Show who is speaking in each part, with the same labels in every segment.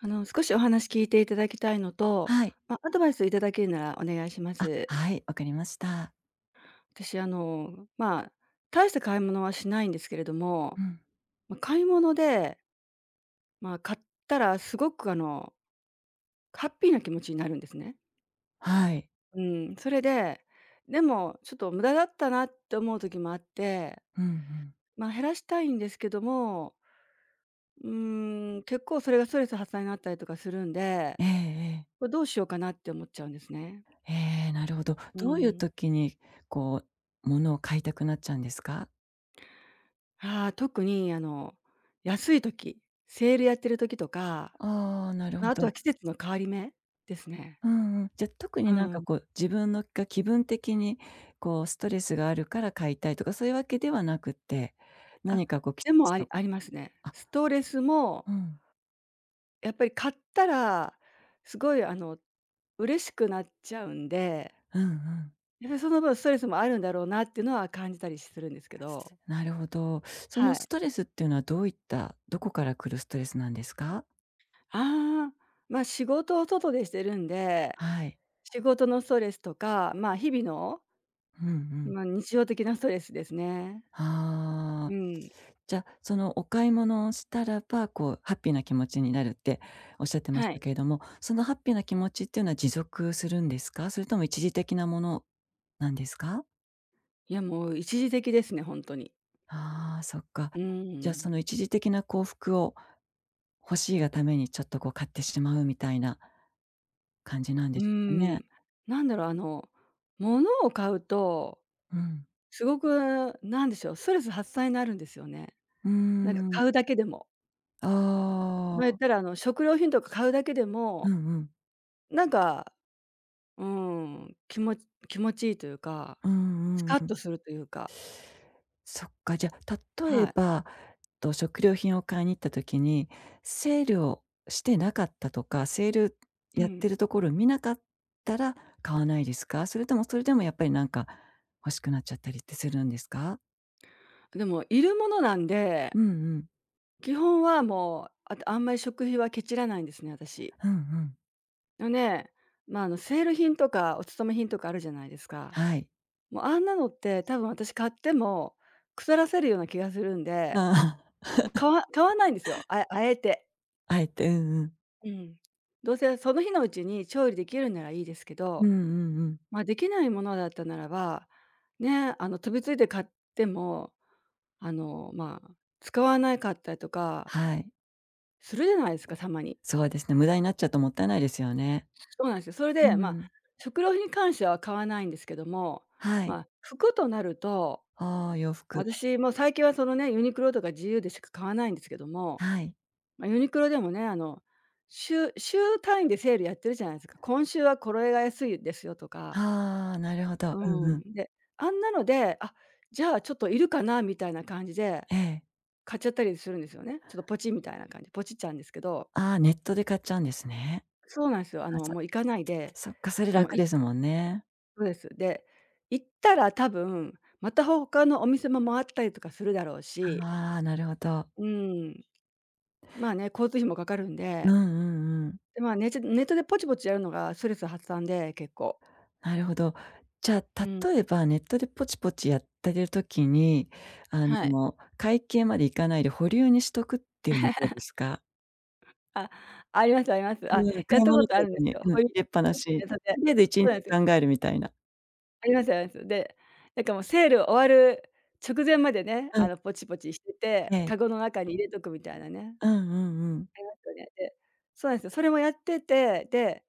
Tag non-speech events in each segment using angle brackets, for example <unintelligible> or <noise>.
Speaker 1: あの、少しお話聞いていただきたいのと、
Speaker 2: はい。
Speaker 1: ま、アドバイスをいただけるならお願いしま
Speaker 2: あ、
Speaker 1: す。
Speaker 2: はい、分かりました。
Speaker 1: 私あの、まあ、大した買い物はしないんですけれども。
Speaker 2: うん。
Speaker 1: ま、買い物でまあ、買ったらすごくあのハッピーな気持ちになるんですね。
Speaker 2: はい。
Speaker 1: うん。それで、でもちょっと無駄だったなって思う時もあって。
Speaker 2: うんうん。
Speaker 1: ま、減らしたいんですけどもうーん、結構それがストレス発散になったりとかするんで、
Speaker 2: ええええ。
Speaker 1: これどうしようかなって思っちゃうんですね。
Speaker 2: へえ、なるほど。
Speaker 1: う
Speaker 2: どういう
Speaker 1: ん。
Speaker 2: 時に、こう、物を買いたくなっちゃうんですか？
Speaker 1: はあ、特に、あの、安い時、セールやってる時とか、
Speaker 2: ああ、なるほ
Speaker 1: ま、あと
Speaker 2: ど。
Speaker 1: は季節の変わり目ですね。
Speaker 2: うんうん。じゃ、特
Speaker 1: う
Speaker 2: になんか
Speaker 1: ん。
Speaker 2: こう、自分のが、気分的に、こうストレスがあるから買いたいとかそういうわけではなくって。
Speaker 1: あ、
Speaker 2: 何かこきっ
Speaker 1: でも
Speaker 2: ち
Speaker 1: あり
Speaker 2: と
Speaker 1: ありますね。
Speaker 2: あ
Speaker 1: ストレスも
Speaker 2: うん。
Speaker 1: やっぱり買ったら、すごいあの嬉しくなっちゃうんで。
Speaker 2: うんうん。
Speaker 1: やはりその分ストレスもあるんだろうなっていうのは、感じたりしするんですけど。
Speaker 2: なるほど。そ
Speaker 1: は
Speaker 2: の
Speaker 1: い。
Speaker 2: ストレスっていうのはどういった、どこから来るストレスなんですか？
Speaker 1: ああ。まあ、仕事を外でしてるんで。
Speaker 2: はい。
Speaker 1: 仕事のストレスとか、まあ、日々の
Speaker 2: ふん、うん。
Speaker 1: まあ、日常的なストレスですね。
Speaker 2: は
Speaker 1: う
Speaker 2: あ。
Speaker 1: ん。
Speaker 2: じゃ、そのお買い物をしたらば、こう、ハッピーな気持ちになるって仰ってまし
Speaker 1: はい。
Speaker 2: たけれども、そのハッピーな気持ちっていうのは持続するんですか？それとも一時的なものなんですか？
Speaker 1: いや、もう一時的ですね、ほんとに。
Speaker 2: ああ、そっか。
Speaker 1: うー
Speaker 2: じゃあそ
Speaker 1: ん。
Speaker 2: の一時的な幸福を、欲しいがためにちょっとこう買ってしまうみたいな感じなん
Speaker 1: う
Speaker 2: で
Speaker 1: ー
Speaker 2: しょうかね？
Speaker 1: ん、なんだろう、あの、物を買うと、
Speaker 2: うん。
Speaker 1: すごく何でしょう、ストレス発散になるんですよね。
Speaker 2: うー
Speaker 1: なんか
Speaker 2: ん。
Speaker 1: 買うだけでも
Speaker 2: あ
Speaker 1: ま、言っ
Speaker 2: あ。
Speaker 1: たら、あの食料品とか買うだけで
Speaker 2: う
Speaker 1: も、
Speaker 2: んうん。
Speaker 1: なんか、うーん、きもち、気持ちいいというか、
Speaker 2: うー
Speaker 1: ス
Speaker 2: ん、うん
Speaker 1: カッ
Speaker 2: うん。
Speaker 1: とするというか。
Speaker 2: そっか、じゃ例
Speaker 1: は
Speaker 2: え
Speaker 1: い。
Speaker 2: ば、っと食料品を買いに行った時に、セールをしてなかったとか、セール
Speaker 1: う
Speaker 2: やっ
Speaker 1: ん。
Speaker 2: てるところ見なかったら買わないですか？それとも、それでもやっぱりなんか欲しくなっちゃったりってするんですか？
Speaker 1: でも、いるものなんで、
Speaker 2: うんうん。
Speaker 1: 基本はもう、あたあんまり食費はケチらないんですね、私
Speaker 2: うんうん。
Speaker 1: のね、まあのセール品とか、お勤め品とかあるじゃないですか。
Speaker 2: はい。
Speaker 1: もうあんなのって、多分私買っても腐らせるような気がするんで、もう、買
Speaker 2: <laughs>
Speaker 1: わ買わないいんですよ、ああえて。
Speaker 2: あえて、うんうん。
Speaker 1: うん。どうせその日のうちに調理できるならいいですけ
Speaker 2: うん
Speaker 1: ど、
Speaker 2: うんうん。
Speaker 1: まあできないものだったならば、ねえ、あの飛びついて買っても、あの、まあ、使わなかったりとか
Speaker 2: はい。
Speaker 1: するじゃないですか、たまに。
Speaker 2: そうですね、無駄になっちゃうともったいないですよね。
Speaker 1: そうなんすよ。それ
Speaker 2: う
Speaker 1: で、ま
Speaker 2: ー
Speaker 1: あ、
Speaker 2: ん。
Speaker 1: 食料品に関しては買わないんですけども、
Speaker 2: は
Speaker 1: ま
Speaker 2: い。
Speaker 1: あ、服となると、
Speaker 2: ああ、洋服。
Speaker 1: 私も最近はそのね、ユニクロとか GU でしか買わないんですけども、
Speaker 2: はい。
Speaker 1: ま、ユニクロでもね、あの、週週単位でセールやってるじゃないすか。今週はこれが安いですよとか。
Speaker 2: はあ、なるほど。
Speaker 1: う
Speaker 2: うん
Speaker 1: ー
Speaker 2: うん。
Speaker 1: ん。で、あんなので、あ、じゃあ、ちょっといるかな、みたいな感じで、
Speaker 2: ええ。
Speaker 1: 買っちゃったりするんですよね。ちょっとぽちみたいな感じ。ぽちっちゃうんですけど。
Speaker 2: ああ、ネットで買っちゃうんですね。
Speaker 1: そうなんすよ。あ
Speaker 2: あ、
Speaker 1: の
Speaker 2: そ
Speaker 1: もう行かないで、
Speaker 2: そっか、それ
Speaker 1: もう
Speaker 2: 楽で
Speaker 1: い
Speaker 2: すもんね。
Speaker 1: そうです。で、行ったら多分、また他のお店も回ったりとかするだろうし。
Speaker 2: はあ、なるほど。
Speaker 1: うーん。まあね、交通費もかかるん
Speaker 2: う
Speaker 1: で。
Speaker 2: んうんうん。
Speaker 1: で、まあね、ちょネットでぽちぽちやるのがストレス発散で、結構。
Speaker 2: なるほど。じゃ
Speaker 1: う
Speaker 2: あ
Speaker 1: ん。
Speaker 2: 例えば、ネットでぽちぽちやってる時に、あ
Speaker 1: はい。
Speaker 2: の会計まで行かないで保留にしとくっていうのどうですか？
Speaker 1: <laughs> あ、ありますあります。
Speaker 2: う
Speaker 1: あ、
Speaker 2: ーん。
Speaker 1: やっ
Speaker 2: 買い
Speaker 1: たこ
Speaker 2: 物か
Speaker 1: とあるんで
Speaker 2: ご
Speaker 1: す
Speaker 2: に
Speaker 1: よ。
Speaker 2: うん、
Speaker 1: ほ
Speaker 2: 入
Speaker 1: りゅ
Speaker 2: れっぱなし。うん。
Speaker 1: <unintelligible> さ
Speaker 2: と
Speaker 1: せて。
Speaker 2: りあえずいち
Speaker 1: そ
Speaker 2: ん
Speaker 1: うなん
Speaker 2: ち
Speaker 1: ですよ。
Speaker 2: 考えるみたいな。
Speaker 1: ありますあります。で、なんかもうセール終わる直前までね、
Speaker 2: うん。
Speaker 1: あのポチポチして
Speaker 2: え
Speaker 1: て、
Speaker 2: え。
Speaker 1: カゴの中に入れとくみたいなね、あり
Speaker 2: うんうんうん。
Speaker 1: ますよね。で、そうなんですよ。それもやってて、で、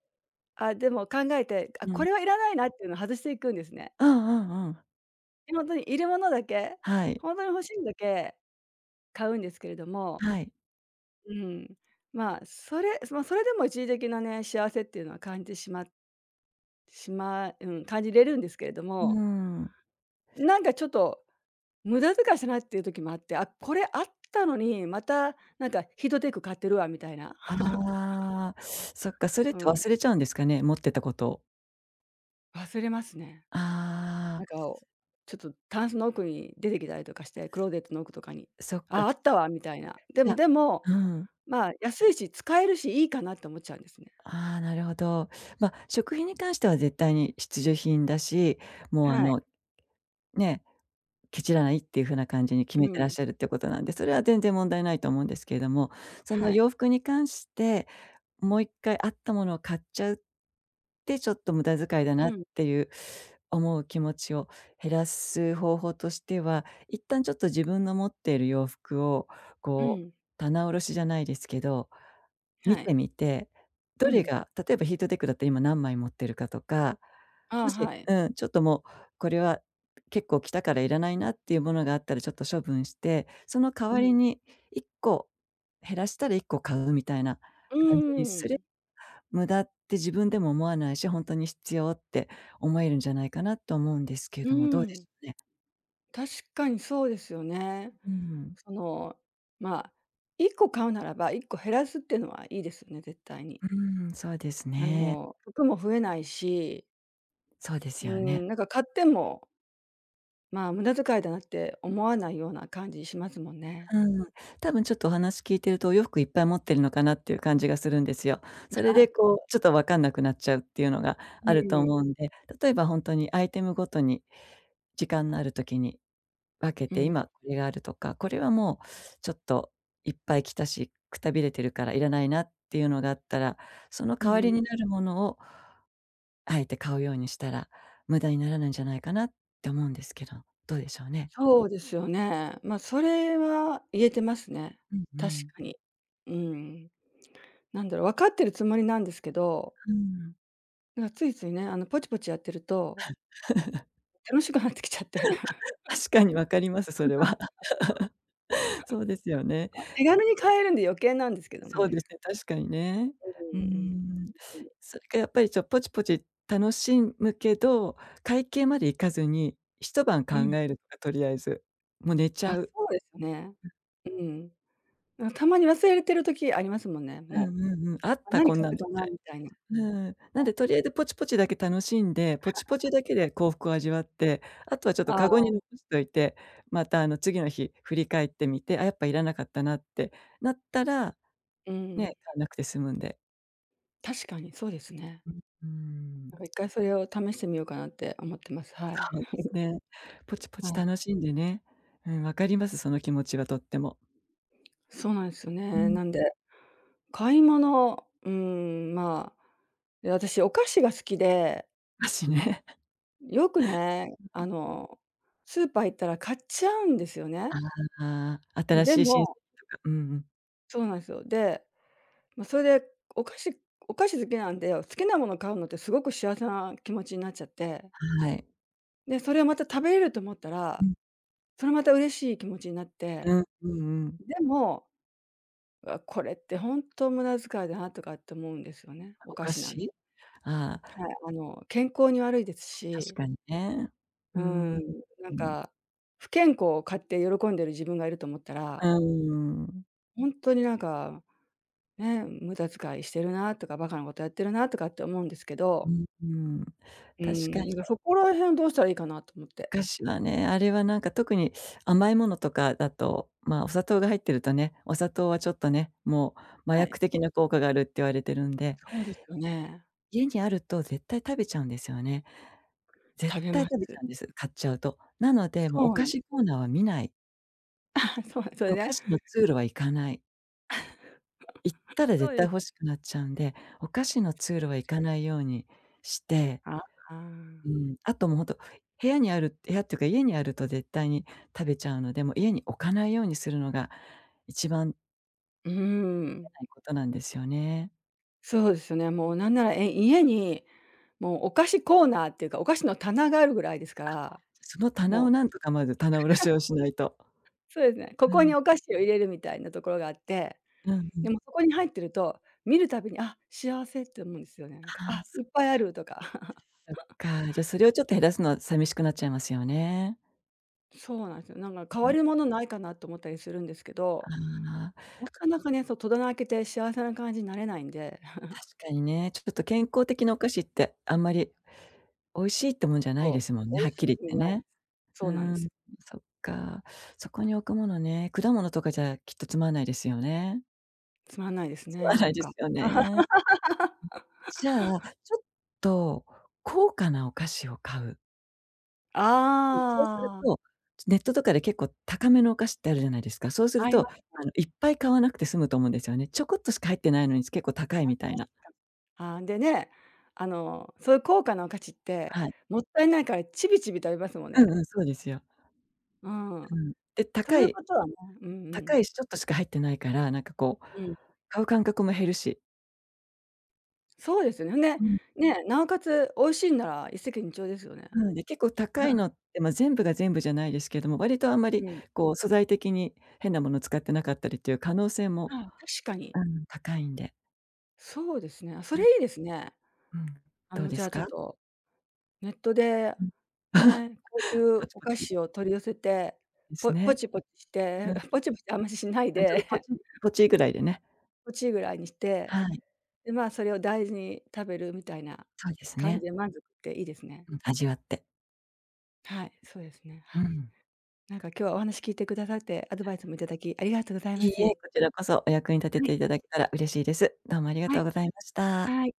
Speaker 1: あ、でも考えて、あ、
Speaker 2: う
Speaker 1: こ
Speaker 2: ん。
Speaker 1: れはいらないなっていうのを外していくんですね。
Speaker 2: うんうんうん。
Speaker 1: で、ほんとにいるものだけ、
Speaker 2: はい。
Speaker 1: ほんとに欲しいものだけ買うんですけれども、
Speaker 2: はい。
Speaker 1: うん。まそれ、ま、それでも一時的なね、幸せっていうのは感じてしましまうん、感じれるんですけれど
Speaker 2: うー
Speaker 1: も
Speaker 2: ん。
Speaker 1: なんかちょっと無駄遣いしないっていう時もあって、あ、これあったのに、またなんかヒートテック買ってるわみたいな。
Speaker 2: ああ、そっか、
Speaker 1: <chuckles>
Speaker 2: それっ
Speaker 1: う
Speaker 2: て
Speaker 1: ん。
Speaker 2: 忘れちゃうんですかね、持ってたこと。
Speaker 1: 忘れますね。
Speaker 2: あ
Speaker 1: なん
Speaker 2: あ。
Speaker 1: か、ちょとタンスの奥に出てきたりとかして、クローゼットの奥とかに。
Speaker 2: そっ
Speaker 1: あ
Speaker 2: か。
Speaker 1: あ、あったわ、みたいな。で
Speaker 2: じ
Speaker 1: も
Speaker 2: ゃ
Speaker 1: でも、
Speaker 2: うん。
Speaker 1: ま、安いし使えるし、いいかなと思っちゃうんですね。
Speaker 2: ああ、なるほど。ま、食品に関しては絶対に必需品だし、もうあ
Speaker 1: はい。
Speaker 2: のね、ケチらないっていうふうな感じに決
Speaker 1: う
Speaker 2: めてらっ
Speaker 1: ん。
Speaker 2: しゃるってことなんで、それは全然問題ないと思うんですけども、そ
Speaker 1: は
Speaker 2: の
Speaker 1: い。
Speaker 2: 洋服に関して、もう1回あったものを買っちゃう、で、ちょっと無駄遣いだ
Speaker 1: う
Speaker 2: なっ
Speaker 1: ん。
Speaker 2: ていう思う気持ちを減らす方法としては、一旦ちょっと自分の持ってる洋服を、
Speaker 1: う
Speaker 2: こう、
Speaker 1: ん。
Speaker 2: 棚卸しじゃないですけど、見
Speaker 1: は
Speaker 2: て
Speaker 1: い。
Speaker 2: みて、ど
Speaker 1: う
Speaker 2: れ
Speaker 1: ん。
Speaker 2: が、例えばヒートテックだったら今何枚持ってるかとか、
Speaker 1: あ
Speaker 2: も
Speaker 1: あ、
Speaker 2: し
Speaker 1: はい。
Speaker 2: うん、ちょっともうこれは、結構着たからいらないなっていうものがあったらちょっと処分して、その代
Speaker 1: う
Speaker 2: わり
Speaker 1: ん。
Speaker 2: に1個、減らしたら1個買うみたいな
Speaker 1: う
Speaker 2: 感じにす
Speaker 1: ー
Speaker 2: る。
Speaker 1: ん。
Speaker 2: 無駄って自分でも思わないし、ほんとに必要って思えるんじゃないかなと思うんですけ
Speaker 1: う
Speaker 2: ども、ど
Speaker 1: ー
Speaker 2: うでし
Speaker 1: ん。
Speaker 2: ょうね？
Speaker 1: 確かにそうですよね。
Speaker 2: うん。
Speaker 1: その、ま、1個買うならば、1個減らすっていうのはいいですよね、絶対に。
Speaker 2: うーん、そうです
Speaker 1: あ
Speaker 2: ね。
Speaker 1: の服も増えないし
Speaker 2: そうで
Speaker 1: うー
Speaker 2: すよね。
Speaker 1: ん、なんか買ってもまあ、無駄遣いだなって思わないような感じしますもんね。
Speaker 2: うーん、多分ちょっとお話聞いてると、お洋服いっぱい持ってるのかなっていう感じがするんですよ。
Speaker 1: い
Speaker 2: それで
Speaker 1: や。
Speaker 2: こう、ちょっと分かんなくなっちゃうっていうのが
Speaker 1: う
Speaker 2: あると
Speaker 1: ーん。
Speaker 2: 思うんで、例えばほんとに、アイテムごとに時間のある時に、分け
Speaker 1: う
Speaker 2: て、
Speaker 1: ん。
Speaker 2: 今これがあるとか、これはもうちょっと、いっぱい着たし、くたびれてるからいらないなっていうのがあったら、その
Speaker 1: う
Speaker 2: 代
Speaker 1: ん
Speaker 2: わ
Speaker 1: う
Speaker 2: り
Speaker 1: ん。
Speaker 2: になるものをあえて買うようにしたら、無駄にならないんじゃないかなって思うんですけど、どうでしょうね？
Speaker 1: そうですよね。ま、それは言えてますね。
Speaker 2: うんう
Speaker 1: 確
Speaker 2: ん。
Speaker 1: かに。うーん。なんだろ、分かってるつもりなんですけど。
Speaker 2: うーん。
Speaker 1: なんついついね、あのぽちぽちやってると。
Speaker 2: <laughs>
Speaker 1: 楽しくなってきちゃって。<chuckles> <laughs>
Speaker 2: <laughs> 確かにわかります、それは。<laughs> そうですよね。
Speaker 1: 手軽に買えるんで余計なんですけども
Speaker 2: そうです
Speaker 1: ね。
Speaker 2: ね、確かにね。
Speaker 1: う
Speaker 2: うー
Speaker 1: ーん、うん。
Speaker 2: ん。
Speaker 1: ほんとに。
Speaker 2: それがやっぱり、ちょっとぽちぽち楽しんむけど、会計まで行かずに、1晩考
Speaker 1: うん。
Speaker 2: えるとか、とりあえず、もう寝ち
Speaker 1: あ、
Speaker 2: ゃう。
Speaker 1: そうですね。
Speaker 2: うん。
Speaker 1: うん。なんたまに忘れてる時ありますもんね、
Speaker 2: う
Speaker 1: も
Speaker 2: んうんうん、あっ
Speaker 1: う。
Speaker 2: た
Speaker 1: 何
Speaker 2: こん
Speaker 1: 買
Speaker 2: なの、
Speaker 1: っ
Speaker 2: み
Speaker 1: たかな、
Speaker 2: たい。
Speaker 1: みたいな。は
Speaker 2: うん。なん
Speaker 1: い。
Speaker 2: でとりあえずぽちぽちだけ楽しんで、ぽちぽちだけで幸福を味
Speaker 1: <laughs>
Speaker 2: わって、あとはちょっと
Speaker 1: あ
Speaker 2: カゴに
Speaker 1: あ。
Speaker 2: 残しといて、またあの次の日、振り返ってみて、ああ、やっぱいらなかったなってなったら、
Speaker 1: うー
Speaker 2: ねえ、買
Speaker 1: ん。
Speaker 2: わなくて済むんで。
Speaker 1: 確かにそうですね。
Speaker 2: う、うー
Speaker 1: なん
Speaker 2: ん。
Speaker 1: か1回、それを試してみようかなって思ってます、はい。
Speaker 2: そうです
Speaker 1: <chuckles>
Speaker 2: ね、ぽちぽ
Speaker 1: は
Speaker 2: ち
Speaker 1: い。
Speaker 2: 楽しんでね。うん、分かります。その気持ちはとっても。
Speaker 1: そうなんですよ
Speaker 2: う
Speaker 1: ね。
Speaker 2: ん。
Speaker 1: なんで、買い物うーん、まあ、私お菓子が好きで
Speaker 2: 菓子ね。
Speaker 1: よくね、あの、スーパー行ったら買っちゃうんですよね。
Speaker 2: ああ、新
Speaker 1: で
Speaker 2: しい新
Speaker 1: も
Speaker 2: 作とか。うんうん。
Speaker 1: そうなんですよ。で、ま、それで、お菓子お菓子好きなんで、好きな物買うのってすごく幸せな気持ちになっちゃって。
Speaker 2: はい。
Speaker 1: で、それをまた食べれると思った
Speaker 2: う
Speaker 1: ら。
Speaker 2: ん。
Speaker 1: それまた嬉しい気持ちになっ
Speaker 2: う
Speaker 1: て。
Speaker 2: ん、うんうん。
Speaker 1: でも、わ、これってほんと無駄遣いだなとかって思うんですよね、お
Speaker 2: お
Speaker 1: 菓
Speaker 2: 菓
Speaker 1: 子なんはい、
Speaker 2: 子。ああ。
Speaker 1: あの健康に悪いです
Speaker 2: 確
Speaker 1: し。
Speaker 2: かにね。う
Speaker 1: う
Speaker 2: ー
Speaker 1: ーん、
Speaker 2: ん。
Speaker 1: な
Speaker 2: う
Speaker 1: ん
Speaker 2: ん。
Speaker 1: か不健康を買って喜んでる自分がいると思った
Speaker 2: う
Speaker 1: ら
Speaker 2: ーん。
Speaker 1: ほんとになんか、ね、無駄遣いしてるなとか、馬鹿なことやってるなとかって思うんですけ
Speaker 2: う
Speaker 1: ど。
Speaker 2: んうん、
Speaker 1: う
Speaker 2: 確か
Speaker 1: ん、
Speaker 2: に。
Speaker 1: だかそこら辺どうしたらいいかなと思っ
Speaker 2: お
Speaker 1: て。
Speaker 2: 菓子はね、あれはなんか特に甘いものとかだと、まあ、お砂糖が入ってるとね、お砂糖はちょっとね、もう麻
Speaker 1: はい。
Speaker 2: 薬的な効果があるって言われてるんで。
Speaker 1: そうですよね。
Speaker 2: 家にあると絶対食べちゃうんですよね。絶
Speaker 1: 食べ
Speaker 2: 対
Speaker 1: ま
Speaker 2: 食べち
Speaker 1: す。
Speaker 2: ゃうんです、買っちゃうと。なので、もうお
Speaker 1: そう
Speaker 2: 菓
Speaker 1: なん
Speaker 2: 子コーナーは見ない。
Speaker 1: あ、そう、それ
Speaker 2: お菓
Speaker 1: で
Speaker 2: 子の通路は行かない。行った
Speaker 1: <chuckles>
Speaker 2: ら
Speaker 1: そ
Speaker 2: 絶
Speaker 1: う
Speaker 2: 対
Speaker 1: です。
Speaker 2: 欲しくなっちゃうんで、お菓子の通路は行
Speaker 1: <unintelligible>
Speaker 2: かないようにして
Speaker 1: あ、あん。
Speaker 2: うん、あと、も、ほんと、部屋にある部屋っていうか家にあると絶対に食べちゃうので、もう家に置かないようにするのが一番
Speaker 1: う、ふー
Speaker 2: け
Speaker 1: ん。
Speaker 2: ないことなんですよね。
Speaker 1: そうですよね。もうなんなら、え、家に、もう、お菓子コーナーっていうか、お菓子の棚があるぐらいですか
Speaker 2: あ、
Speaker 1: ら、
Speaker 2: じゃ、その棚
Speaker 1: も
Speaker 2: を
Speaker 1: う。
Speaker 2: なんとかまず、棚卸しをしないと。
Speaker 1: <laughs> そうですね。こ
Speaker 2: う
Speaker 1: こに
Speaker 2: ん。
Speaker 1: お菓子を入れるみたいなところがあって、
Speaker 2: うんうん。
Speaker 1: でもそこに入ってると、見るたびに「あ、幸せ」って思うんですよね、なんか。
Speaker 2: ああ、
Speaker 1: あ、い
Speaker 2: そっ
Speaker 1: っ
Speaker 2: か。
Speaker 1: ぱいある、とか。
Speaker 2: そっ
Speaker 1: <chuckles>
Speaker 2: か。じゃ、それをちょっと減らすのは、さみしくなっちゃいますよね。
Speaker 1: そうなんすよ。なんか、代
Speaker 2: う
Speaker 1: わ
Speaker 2: ん。
Speaker 1: りのものないかなと思ったりするんですけ
Speaker 2: あ
Speaker 1: ど、
Speaker 2: あ。
Speaker 1: なかなかね、そう、戸棚開けて幸せな感じなれないんで。<chuckles>
Speaker 2: 確かにね、ちょこっと、健康的なお菓子ってあんまり、美味しいってもんじゃない
Speaker 1: そう、
Speaker 2: ですもんね、
Speaker 1: 美味
Speaker 2: はっ
Speaker 1: しい
Speaker 2: き
Speaker 1: って
Speaker 2: り
Speaker 1: 感じ
Speaker 2: 言って
Speaker 1: ないで
Speaker 2: ね。
Speaker 1: す。
Speaker 2: う
Speaker 1: そうなんで
Speaker 2: ー
Speaker 1: す。
Speaker 2: ん、そっか。そこに置くものね、果物とかじゃきっとつまんないですよね。
Speaker 1: つまんないです
Speaker 2: つま
Speaker 1: ね、
Speaker 2: な
Speaker 1: な
Speaker 2: い
Speaker 1: ん
Speaker 2: で
Speaker 1: か。
Speaker 2: すよね。ん。じゃあ、
Speaker 1: <laughs>
Speaker 2: ちょっと高価なお菓子を買う。うん、そうする
Speaker 1: ああ。
Speaker 2: と、ちょ、ネットとかで結構高めのお菓子ってあるじゃないですか、そうする
Speaker 1: あい
Speaker 2: と、
Speaker 1: ますね。
Speaker 2: あの、いっぱい買わなくて済むと思うんですよね。ちょこっとしか入ってないのに、つ、結構高
Speaker 1: あ、
Speaker 2: いみ
Speaker 1: 確
Speaker 2: たいな。
Speaker 1: かに、ああ、でね、あの、そゆ高価なお菓子って、
Speaker 2: はい。
Speaker 1: もったいないから、ちびちび食べますもん
Speaker 2: うん
Speaker 1: ね。
Speaker 2: うん、そうですよ。
Speaker 1: うん。
Speaker 2: うん、で、
Speaker 1: と
Speaker 2: 高
Speaker 1: いう
Speaker 2: い
Speaker 1: ことはね、うんう
Speaker 2: 高
Speaker 1: ん。
Speaker 2: いし、ちょっとしか入ってないから、なんかこう、
Speaker 1: うん。
Speaker 2: 買う間隔も減るし
Speaker 1: そうですね、ふんで、
Speaker 2: うん。
Speaker 1: ね、なおかつ、美味しいんなら一石二鳥ですよね。
Speaker 2: なので、結構高い
Speaker 1: <chuckles>
Speaker 2: のって、ま、全部が全部じゃないですけども、割とあんま
Speaker 1: う
Speaker 2: り
Speaker 1: ん。
Speaker 2: こう素材的に変なもの使ってなかったりっていう可能性
Speaker 1: あ
Speaker 2: も、
Speaker 1: あ、確かに。
Speaker 2: あ、ん、高いんで。
Speaker 1: そうですね、あ、そ
Speaker 2: う
Speaker 1: れ
Speaker 2: ん。
Speaker 1: いいですね。
Speaker 2: うん、
Speaker 1: あ
Speaker 2: どう
Speaker 1: の、
Speaker 2: で
Speaker 1: じゃ
Speaker 2: す
Speaker 1: あちょっ
Speaker 2: か？
Speaker 1: と、ネットで、
Speaker 2: うん、
Speaker 1: ね、高
Speaker 2: <chuckles>
Speaker 1: 級
Speaker 2: ポチ
Speaker 1: お
Speaker 2: ポ
Speaker 1: 菓
Speaker 2: チ？
Speaker 1: 子を取り寄せて、
Speaker 2: です
Speaker 1: ぽポ
Speaker 2: ね。
Speaker 1: チポチし
Speaker 2: う
Speaker 1: て、
Speaker 2: ん。あ、
Speaker 1: ポチポチ、あんまし、しない
Speaker 2: ちょっ
Speaker 1: で
Speaker 2: とポ
Speaker 1: <chuckles>
Speaker 2: チ、ポチぐらいでね。
Speaker 1: ポチぐらいにして、
Speaker 2: はい。
Speaker 1: で、まあ、それを大事に食べる、みたいな
Speaker 2: そうです
Speaker 1: 感じ
Speaker 2: ね。
Speaker 1: で満足って、いいですね。
Speaker 2: うん、味わって。
Speaker 1: はい、そうですね、
Speaker 2: う
Speaker 1: はい。
Speaker 2: ん。
Speaker 1: なんか今日はお話聞いてくださって、アドバイスも頂き、ありがとうございま
Speaker 2: いいえ、こ
Speaker 1: す。
Speaker 2: ちらこそお役に立て
Speaker 1: はい。
Speaker 2: て頂けたら嬉しいです。どうもありが
Speaker 1: は
Speaker 2: とう
Speaker 1: い。
Speaker 2: ございました。
Speaker 1: はい。